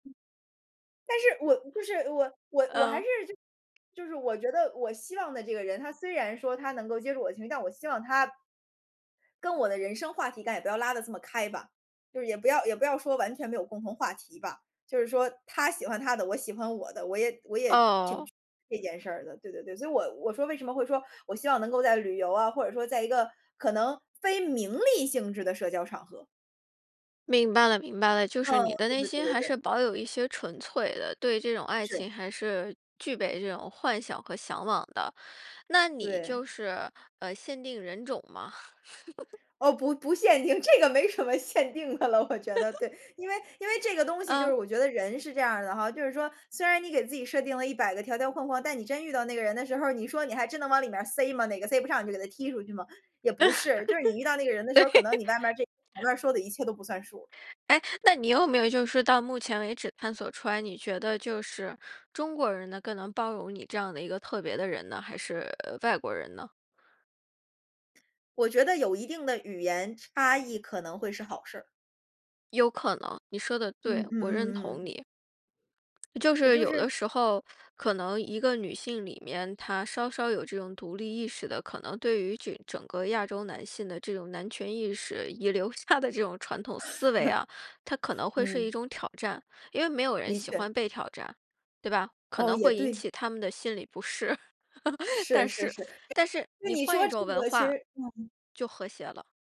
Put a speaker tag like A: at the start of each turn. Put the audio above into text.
A: 但是我不是我我我还
B: 嗯。
A: 是，就就是我觉得我希望的这个人，他虽然说他能够接住我的情绪，但我希望他跟我的人生话题应该也不要拉得这么开吧。就是也不要也不要说完全没有共同话题吧。就是说，他喜欢他的，我喜欢我的，我也我也挺
B: 哦。
A: 这件事儿的，对对对。所以我我说为什么会说，我希望能够在旅游啊，或者说在一个可能非名利性质的社交场合。
B: 明白了明白了。就是
A: 嗯，
B: 你的
A: 对
B: 内
A: 对对
B: 心
A: 对
B: 还
A: 对。
B: 是保有一些纯粹的，对这种爱
A: 是。
B: 情还是具备这种幻想和向往的。那你
A: 对。
B: 就是，呃，限定人种吗？
A: 哦，不不限定，这个没什么限定的了，我觉得，对。因为因为这个东 西就是
B: 嗯。
A: 我觉得人是这样的哈，就是说，虽然你给自己设定了100个条条框框，但你真遇到那个人的时候儿，你说你还真能往里面儿塞吗？哪个塞不上你就给他踢出去么？也不是。就是你遇到那个人 的时
B: 对。
A: 候，可能你外面儿这前面儿说的一切都不算数。
B: 哎，那你有没有就是到目前为止探索出来，你觉得就是中国人呢更能包容你这样的一个特别的人呢？还是，呃，外国人呢？
A: 我觉得有一定的语言差异可能会是好事儿。
B: 有可能，你说得
A: 嗯
B: 对，
A: 嗯
B: 我认
A: 嗯
B: 同
A: 嗯。
B: 你。就
A: 也
B: 是
A: 就
B: 有
A: 是
B: 的时候，可能一个女性里面，她稍稍有这种独立意识的，可能对于整个亚洲男性的这种男权意识，遗留下的这种传统思维啊，它可 能会是
A: 嗯。
B: 一种挑战。因为没有人
A: 的
B: 喜
A: 确。
B: 欢被挑战，对吧？可
A: 哦，
B: 能
A: 也
B: 会引
A: 对。
B: 起他们的心理不适。
A: 是
B: 但
A: 是
B: 是
A: 是，
B: 但是
A: 那
B: 你
A: 你
B: 换
A: 说
B: 一
A: 这
B: 种文
A: 个其
B: 化，
A: 实嗯。
B: 就和谐了。